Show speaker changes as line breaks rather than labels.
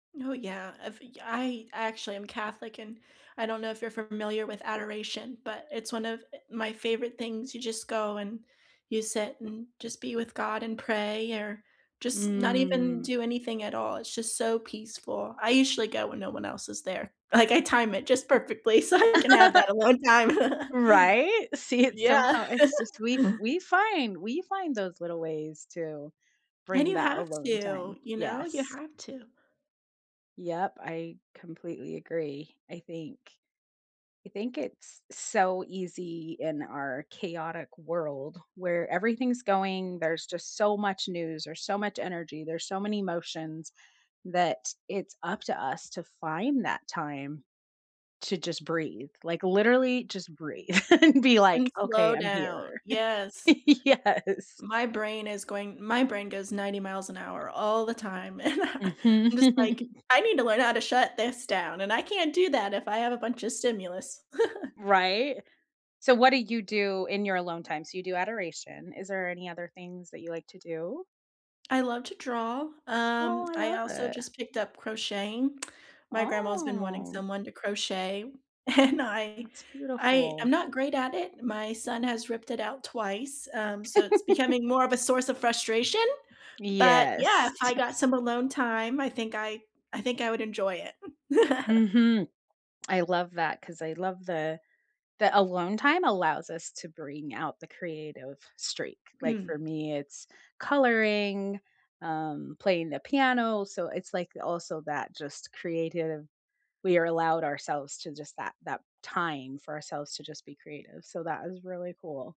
Oh, yeah. I've y I actually am Catholic, and I don't know if you're familiar with adoration, but it's one of, eh, my favorite things, you just go and you sit and just be with God and pray, or just not even
Mm.
do anything at all, it's just so peaceful. I usually go when no one else is there. Like, I time it just perfectly so I can have that alone time.
Right? See, it's
Yeah.
so How it's just we f we find We find those little ways to
And
bring
you
that
have
alone
to,
time.
you know, you
Yes.
have to.
Yep, I completely agree. I think I think it's so easy in our chaotic world where everything's going, there's just so much news or so much energy, there's so many emotions that it's up to us to find that time to just breathe, like, literally just breathe and be
And
like,
slow
"Okay, I'm
down.
here."
Yes.
Yes.
My brain is going My brain goes 90 miles an hour all the time, and I and
Mhm.
I'm just like, I need to learn how to shut this down, and I can't do that if I have a bunch of stimulus.
Right? So what do you do in your alone time? So you do adoration. Is there any other things that you like to do?
I love to draw, um,
Oh, I
I
love
also
it.
just picked up crocheting. My grandma's been wanting
Oh.
someone to crochet, and I
That's
I I'm
beautiful.
not great at it. My son has ripped it out twice, um, so it's becoming more of a source of frustration, but yeah,
Yes.
if I got some alone time, I think I I think I would enjoy it.
Mhm. I love that 'cause I love the that alone time allows us to bring out the creative streak. Like,
Mm.
for me, it's coloring, um, playing the piano, so it's like also that just creative We are allowed ourselves to just that that time for ourselves to just be creative, so that is really cool.